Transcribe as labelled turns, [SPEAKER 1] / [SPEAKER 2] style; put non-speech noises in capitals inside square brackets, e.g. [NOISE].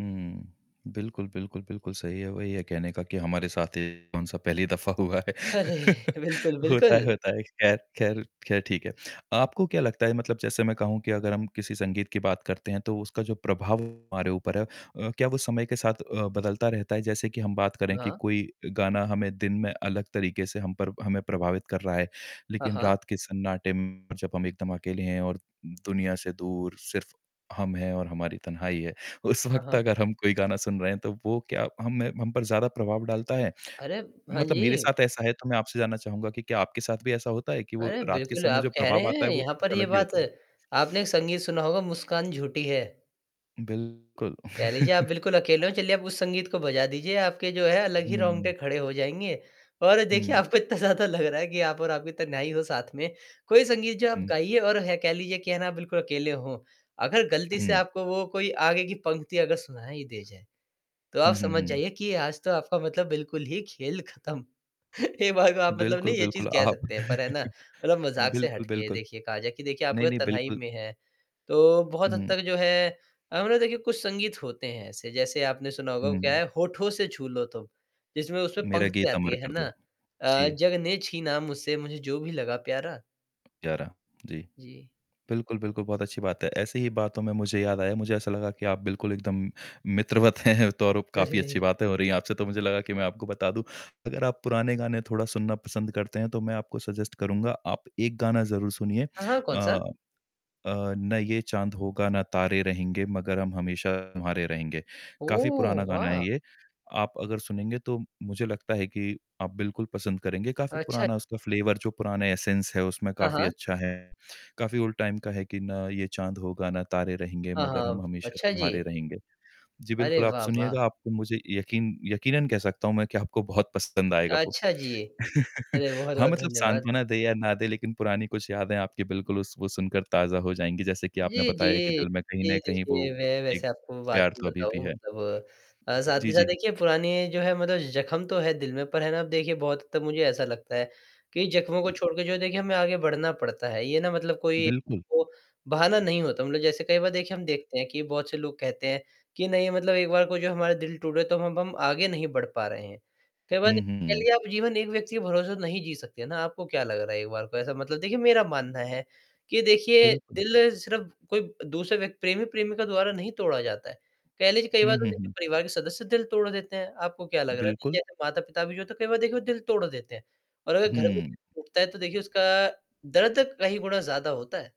[SPEAKER 1] हुँ। बिल्कुल, बिल्कुल, बिल्कुल। सही है वही है कहने का कि हमारे साथ ये कौन-सा पहली दफा हुआ है। [LAUGHS]
[SPEAKER 2] अरे! बिल्कुल,
[SPEAKER 1] होता है,
[SPEAKER 2] बिल्कुल।
[SPEAKER 1] होता है। खैर, खैर, खैर ठीक है। आपको क्या लगता है, मतलब जैसे मैं कहूँ कि अगर हम किसी संगीत की बात करते हैं, तो उसका जो प्रभाव हमारे ऊपर है, अ, क्या वो समय के साथ अ, बदलता रहता है? जैसे कि हम बात करें कि
[SPEAKER 2] हाँ।
[SPEAKER 1] कोई गाना हमें दिन में अलग तरीके से हम पर हमें प्रभावित कर रहा है,
[SPEAKER 2] हाँ,
[SPEAKER 1] लेकिन
[SPEAKER 2] हाँ।
[SPEAKER 1] रात के सन्नाटे में जब हम एकदम अकेले हैं और दु दुनिया से दूर, सिर्फ़ हम हैं और हमारी तन्हाई है, उस
[SPEAKER 2] हाँ,
[SPEAKER 1] वक़्त
[SPEAKER 2] हाँ।
[SPEAKER 1] अगर हम कोई गाना सुन रहे हैं तो वो क्या हम में हम पर ज़्यादा प्रभाव डालता है?
[SPEAKER 2] अरे! हाँ
[SPEAKER 1] मतलब मेरे
[SPEAKER 2] जी।
[SPEAKER 1] साथ ऐसा है तो मैं आपसे जानना चाहूँगा कि क्या आपके साथ भी ऐसा होता है कि वो
[SPEAKER 2] अरे!
[SPEAKER 1] रात के
[SPEAKER 2] बिल्कुल
[SPEAKER 1] समय
[SPEAKER 2] आप
[SPEAKER 1] जो
[SPEAKER 2] कह रहे
[SPEAKER 1] प्रभाव आता
[SPEAKER 2] हैं,
[SPEAKER 1] है, वो
[SPEAKER 2] यहाँ
[SPEAKER 1] कुछ
[SPEAKER 2] पर ये
[SPEAKER 1] अलग ही
[SPEAKER 2] बात
[SPEAKER 1] होता है?
[SPEAKER 2] आपने एक संगीत सुना होगा "मुस्कान झूठी है।"
[SPEAKER 1] बिल्कुल।
[SPEAKER 2] कह लीजिए आप
[SPEAKER 1] [CHUCKLES]
[SPEAKER 2] बिल्कुल अकेले हो, चलिए आप उस संगीत को बजा दीजिए, आपके जो है अलग ही रोंगटे
[SPEAKER 1] हुँ।
[SPEAKER 2] खड़े हो जाएँगे और देखिए
[SPEAKER 1] हुँ।
[SPEAKER 2] आपको इतना ज़्यादा लग रहा है कि आप और आपकी तन्हाई हो साथ में, कोई संगीत जो आप
[SPEAKER 1] हुँ।
[SPEAKER 2] गाइए और है कह लीजिए कि है ना बिल्कुल अकेले हों। अगर गलती से
[SPEAKER 1] हुँ।
[SPEAKER 2] आपको वो कोई आगे की पंक्ति अगर सुनाई दे जाए, तो आप
[SPEAKER 1] हुँ, हुँ,
[SPEAKER 2] समझ
[SPEAKER 1] हुँ।
[SPEAKER 2] जाइए कि आज तो आपका मतलब बिल्कुल ही खेल खत्म, [CHUCKLES] एक बार को आप मतलब
[SPEAKER 1] बिल्कुल,
[SPEAKER 2] नहीं ये चीज़
[SPEAKER 1] बिल्कुल।
[SPEAKER 2] कह
[SPEAKER 1] आप
[SPEAKER 2] सकते हैं पर है ना,
[SPEAKER 1] [CHUCKLES]
[SPEAKER 2] मतलब मजाक से
[SPEAKER 1] बिल्कुल,
[SPEAKER 2] हटके
[SPEAKER 1] बिल्कुल।
[SPEAKER 2] देखिए कहा जाए कि देखिए आप
[SPEAKER 1] नहीं, नहीं,
[SPEAKER 2] तन्हाई
[SPEAKER 1] बिल्कुल।
[SPEAKER 2] में है, तो बहुत हद
[SPEAKER 1] हुँ।
[SPEAKER 2] तक जो है अ, मतलब देखिए कुछ संगीत होते हैं ऐसे, जैसे आपने सुना होगा क्या
[SPEAKER 1] हुँ।
[SPEAKER 2] है "होठों से छू लो तुम" जिसमें उसमें
[SPEAKER 1] मेरा
[SPEAKER 2] पंक्ति
[SPEAKER 1] गीत
[SPEAKER 2] आती
[SPEAKER 1] अमर
[SPEAKER 2] है, है
[SPEAKER 1] कर
[SPEAKER 2] ना?
[SPEAKER 1] दो।
[SPEAKER 2] अ,
[SPEAKER 1] जी।
[SPEAKER 2] "जग ने छीना मुझसे मुझे जो भी लगा प्यारा।"
[SPEAKER 1] प्यारा। जी।
[SPEAKER 2] जी।
[SPEAKER 1] बिल्कुल, बिल्कुल। बहुत अच्छी बात है। ऐसी ही बातों में मुझे याद आया, मुझे ऐसा लगा कि आप बिल्कुल एकदम मित्रवत हैं। तो और अब काफ़ी अच्छी
[SPEAKER 2] अरे!
[SPEAKER 1] बातें हो रही हैं आपसे, तो मुझे लगा कि मैं आपको बता दूँ, अगर आप पुराने गाने थोड़ा सुनना पसंद करते हैं तो मैं आपको सजेस्ट करूँगा, आप एक गाना ज़रूर सुनिए
[SPEAKER 2] हाँ, हाँ। कौन सा?
[SPEAKER 1] अ अ, "ना ये चाँद होगा ना तारे रहेंगे, मगर हम हमेशा तुम्हारे रहेंगे।" काफ़ी पुराना
[SPEAKER 2] ओह!
[SPEAKER 1] गाना है
[SPEAKER 2] वाह!
[SPEAKER 1] ये, आप अगर सुनेंगे तो मुझे लगता है कि आप बिल्कुल पसंद करेंगे, काफ़ी
[SPEAKER 2] अच्छा।
[SPEAKER 1] पुराना उसका फ्लेवर जो पुराना एसेंस है उसमें
[SPEAKER 2] हाँ,
[SPEAKER 1] काफ़ी
[SPEAKER 2] हाँ।
[SPEAKER 1] अच्छा है, काफ़ी ओल्ड टाइम का है कि "ना ये चाँद होगा ना तारे रहेंगे
[SPEAKER 2] हाँ,
[SPEAKER 1] मगर हम
[SPEAKER 2] हाँ।
[SPEAKER 1] हमेशा
[SPEAKER 2] अच्छा
[SPEAKER 1] तुम्हारे
[SPEAKER 2] जी।
[SPEAKER 1] रहेंगे।" जी,
[SPEAKER 2] अरे!
[SPEAKER 1] बिल्कुल आप
[SPEAKER 2] वाह, वाह!
[SPEAKER 1] सुनिएगा। आपको मुझे यकीन यकीनन कह सकता हूँ मैं कि आपको बहुत पसंद आएगा वो।
[SPEAKER 2] अच्छा जी।
[SPEAKER 1] [CHUCKLES]
[SPEAKER 2] अरे!
[SPEAKER 1] हाँ,
[SPEAKER 2] बहुत-बहुत
[SPEAKER 1] मतलब
[SPEAKER 2] धन्यवाद।
[SPEAKER 1] साँत्वना दे या ना दे लेकिन पुरानी कुछ यादें आपकी बिल्कुल उस वो सुनकर ताज़ा हो जाएँगी, जैसे कि आपने
[SPEAKER 2] जी,
[SPEAKER 1] बताया कि
[SPEAKER 2] जी।
[SPEAKER 1] दिल में कहीं
[SPEAKER 2] जी
[SPEAKER 1] न कहीं वो
[SPEAKER 2] देखिए, मैं
[SPEAKER 1] एक
[SPEAKER 2] वैसे आपको बात
[SPEAKER 1] प्यार
[SPEAKER 2] भी
[SPEAKER 1] तो अभी भी
[SPEAKER 2] बताऊँ
[SPEAKER 1] है।
[SPEAKER 2] मतलब साथ ही
[SPEAKER 1] जी,
[SPEAKER 2] साथ
[SPEAKER 1] जी।
[SPEAKER 2] देखिए पुरानी जो है मतलब जख्म तो हैं दिल में, पर है ना, अब देखिए बहुत हद तक मुझे ऐसा लगता है कि जख्मों को छोड़कर जो देखिए हमें आगे बढ़ना पड़ता है। ये ना मतलब कोई
[SPEAKER 1] बिल्कुल।
[SPEAKER 2] वो बहाना नहीं होता, मतलब जैसे कई बार देखिए हम देखते हैं कि बहुत से लोग कहते हैं कि नहीं, मतलब एक बार को जो हमारा दिल टूटा, तो अब हम आगे नहीं बढ़ पा रहे हैं, कई बार
[SPEAKER 1] हुँ,
[SPEAKER 2] कह
[SPEAKER 1] हुँ।
[SPEAKER 2] लीजिए आप जीवन एक व्यक्ति के भरोसे तो नहीं जी सकते ना, आपको क्या लग रहा है, एक बार को ऐसा मतलब देखिए मेरा मानना है कि देखिए
[SPEAKER 1] बिल्कुल।
[SPEAKER 2] दिल सिर्फ़ कोई दूसरे व्यक प्रेमी-प्रेमिका द्वारा नहीं तोड़ा जाता है, कह लीजिए कई बार
[SPEAKER 1] हुँ,
[SPEAKER 2] तो
[SPEAKER 1] हुँ,
[SPEAKER 2] देखिए
[SPEAKER 1] हुँ।
[SPEAKER 2] परिवार के सदस्य दिल तोड़ देते हैं। आपको क्या लग रहा है,
[SPEAKER 1] बिल्कुल।
[SPEAKER 2] जैसे माता-पिता भी जो होते है कई बार देखिए दिल तोड़ देते हैं और अगर घर में
[SPEAKER 1] हुँ।
[SPEAKER 2] दिल टूटता है तो देखिए उसका दर्द कई गुना ज़्यादा होता है।